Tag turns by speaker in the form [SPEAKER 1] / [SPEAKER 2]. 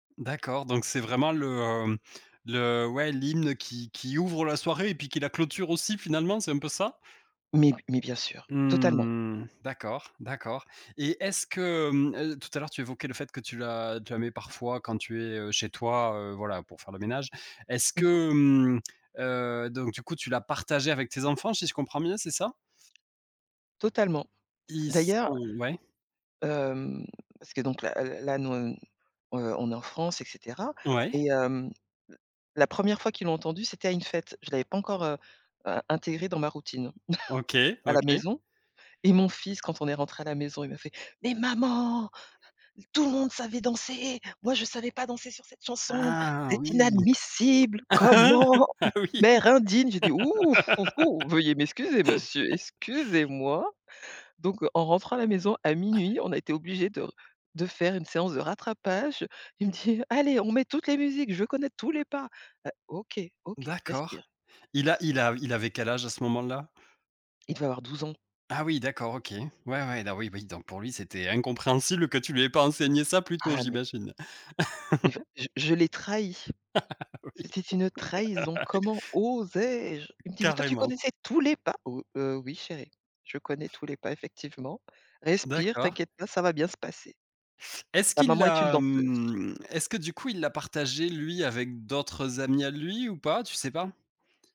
[SPEAKER 1] D'accord, donc c'est vraiment le, mmh le ouais l'hymne qui qui ouvre la soirée et puis qui la clôture aussi finalement, c'est un peu ça?
[SPEAKER 2] Mais mais bien sûr, totalement.
[SPEAKER 1] Mmh mh d'accord, d'accord et est-ce que mmh, heu, tout à l'heure tu évoquais le fait que tu la tu la mets parfois quand tu es, heu, chez toi, heu, voilà, pour faire le ménage. Est-ce
[SPEAKER 2] Mmh mh.
[SPEAKER 1] que mmh, heu, donc du coup tu l'as partagé avec tes enfants si je comprends bien, c'est ça?
[SPEAKER 2] Totalement.
[SPEAKER 1] Ils sont
[SPEAKER 2] D'ailleurs
[SPEAKER 1] ouais?
[SPEAKER 2] hem, parce que donc là, heu, là nous, hem, heu, on est en France et cetera
[SPEAKER 1] Ouais.
[SPEAKER 2] et hem, l la 1re fois qu'ils l'a entendue c'était à une fête. Je l'avais pas encore, heu, in intégrée dans ma routine
[SPEAKER 1] OK,
[SPEAKER 2] à la
[SPEAKER 1] OK.
[SPEAKER 2] maison et mon fils quand on est rentré à la maison il m'a fait: «Mais maman! Tout le monde savait danser! Moi je savais pas danser sur cette chanson,
[SPEAKER 1] Ah,
[SPEAKER 2] c'est
[SPEAKER 1] oui.
[SPEAKER 2] inadmissible! Comment?
[SPEAKER 1] Ah, oui.
[SPEAKER 2] Mère indigne!», j'ai dit: «Hou hou hou, veuillez m'excuser monsieur, excusez-moi». Donc heu, en rentrant à la maison à minuit, on a été obligés de r de faire une séance de rattrapage. Il me dit: «Allez, on met toutes les musiques, je veux connaître tous les pas». Heu, OK, OK,
[SPEAKER 1] D'accord,
[SPEAKER 2] respire,
[SPEAKER 1] il a
[SPEAKER 2] respire.
[SPEAKER 1] il av il avait quel âge à ce moment-là?
[SPEAKER 2] Il devait avoir 12 ans.
[SPEAKER 1] Ah oui, d'accord, OK. Ouais, ouais, don oui oui donc pour lui, c'était incompréhensible que tu lui aies pas enseigné ça plus tôt,
[SPEAKER 2] Ah mais
[SPEAKER 1] j'imagine?
[SPEAKER 2] Mais il va j je l'ai trahi.
[SPEAKER 1] Ah oui.
[SPEAKER 2] C'était une trahison, comment osais-je? Il me dit: «Mais toi tu
[SPEAKER 1] Carrément.
[SPEAKER 2] connaissais tous les pas?» «Oh, heu, oui chéri, je connais tous les pas effectivement. Respire,
[SPEAKER 1] D'accord.
[SPEAKER 2] t'inquiète pas, ça va bien se passer».
[SPEAKER 1] Est-ce
[SPEAKER 2] Ta
[SPEAKER 1] qu'il
[SPEAKER 2] maman est une
[SPEAKER 1] l'a
[SPEAKER 2] danseuse.
[SPEAKER 1] mmh, est-ce que du coup il l'a partagé lui, avec d'autres amis à lui ou pas, tu sais pas?